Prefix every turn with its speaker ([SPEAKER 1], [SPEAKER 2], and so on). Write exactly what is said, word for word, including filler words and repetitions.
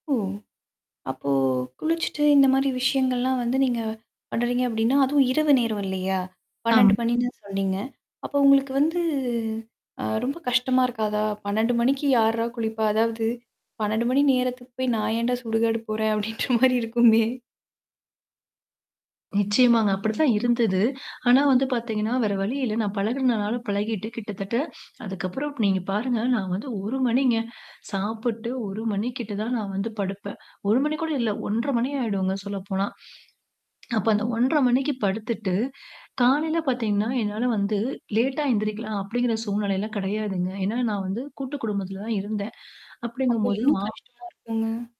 [SPEAKER 1] ஓ! அப்போ குளிச்சுட்டு இந்த மாரி விஷயங்கள்லாம் வந்து நீங்க பண்ணுறீங்க அப்படின்னா, அதுவும் இரவு நேரம் இல்லையா?
[SPEAKER 2] ஆம்.
[SPEAKER 1] பன்னெண்டு மணின்னு சொன்னீங்க. அப்ப உங்களுக்கு வந்து அ ரொம்ப கஷ்டமா இருக்காதா? பன்னெண்டு மணிக்கு யார்றா குளிப்பா? அதாவது, "பன்னெண்டு மணி நேரத்துக்கு போய், நான் ஏன்டா சுடுகாடு போறேன்." அப்படின்ற மாரி இருக்குமே.
[SPEAKER 2] நிச்சயமாங்க. அப்படி தான் இருந்தது. ஆனா வந்து பார்த்தீங்கன்னா, வேற வழி இல்ல. நான் பழகுனதுனால, பழகிட்டு கிட்டத்தட்ட அதுக்கப்புறம் நீங்க பாருங்க, நான் வந்து ஒரு மணிங்க சாப்புட்டு ஒரு மணி கிட்ட தான் நான் வந்து படுப்பேன். ஒரு மணி கூட இல்ல, ஒன்ரை மணி ஆயிடுங்க சொல்லப்போனா. அப்ப அந்த ஒன்ரை மணிக்கு படுத்துட்டு, காலையில பார்த்தீங்கன்னா என்னால வந்து, "லேட்டா எந்திரிக்கலாம்." அப்படிங்கிற சூழ்நிலை எல்லாம் கெடையாதுங்க. ஏன்னா, நான் வந்து கூட்டு குடும்பத்தில தான் இருந்தேன்.
[SPEAKER 1] அப்ப
[SPEAKER 2] அப்படிங்கம் போது
[SPEAKER 1] இன்னும்
[SPEAKER 2] மா
[SPEAKER 1] கஷ்டமா இருக்குங்க.